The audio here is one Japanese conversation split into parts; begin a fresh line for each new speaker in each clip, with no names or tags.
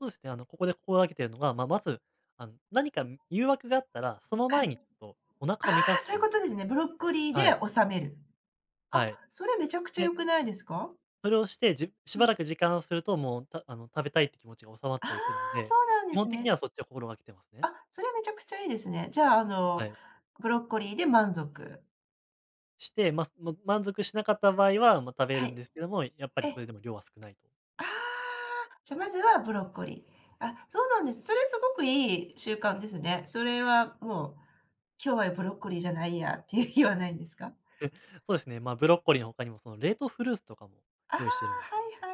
そうですね、あのここで心がけているのが、ままず、あの何か誘惑があったら、その
は
前
い。
にちょっとお
あ
腹
あ、
を満たす
そう
と
いう
い
こ
う。
とですね。ブロッコリーで
はい。
収める。あ、
はい。
それめちゃくちゃ
で
良くないですか。
それをして、じし
う
ば
ん。
らく時間をすると、もう、たあの食べたいって気持ちが収まっ
ああ、
たりするの
そ
で、
うなんで
基
す
本的に
ね。
はそっちを心がけてますね。
あ、それはめちゃくちゃいいですね。じゃあ
は
の、
い。
ブロッコリーで満足。
して、ま、その満足しなかった場合は、ま、食べ
は
るん
い。
ですけども、やっぱりそれ
え。
でも量は少ないと。
ああ、じゃ、まずはブロッコリー。あ、そうなんです。それはすごくいい習慣ですね。それはもう、今日はブロッコリーじゃないやっていう日はないんですか？
そうですね、ま、ブロッコリーの他にも、その、冷凍フルーツとかも
ああ、は
用意してるんですよ。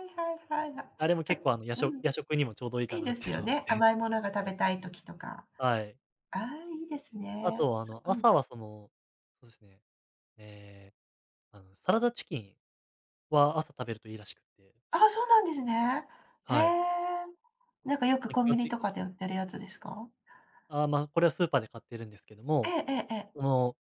いはいはいはいはい。
あれも
ちょ
結構あのや
う
しょ
ん。
夜食にもちょうどいいか
いい
なっ
で
て
すよ
のがあっ
ね、
て、
甘いものが食
は
べ
い。
たい時とか。
はい。
ああ、いいです
あ
ね、
と、あ
す
の
うん。
朝はその、そうですね、ええ、なん、サラダチキンは朝食べるといいらしくて。
ああ、そうなんですね。へ
はい。
え。なんかよく
ま、基
コンビ
本
ニ
的。
とかで売ってるやつですか？
あ、ま、これはスーパーで買っているんですけど
え
も、
えええええ。
その、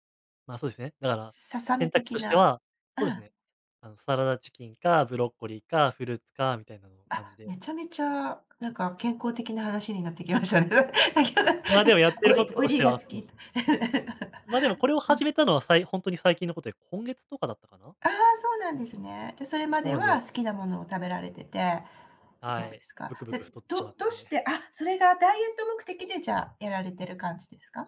ま、そうですね、だから、
ささみ
選択
的
として
な。
は、
う
そうです
ん。
ね、あのサラダチキンか、ブロッコリーか、フルーツかみたいな感
あ、
じ
め
で。
ちゃめちゃなんか健康的な話になってきましたね。
ま、でもやってる
お
こ
い
と
オイ
とし
リー
て
が
は、
好
そ
き。
の
うん。
ま、でもこれを始めたのは、さいほんとに最近のことで、今月とかだったかな。
ああ、そうなんですね。じゃ、それま
な
で
の
は
で
好きなものを食べられてて、
は
そうで
い、
す
ぶく
か。
ぶ
じゃ、
く太っちま
ど
っ
どうし
て。
てあ、それがダイエット目的でじゃ、やられてる感じですか？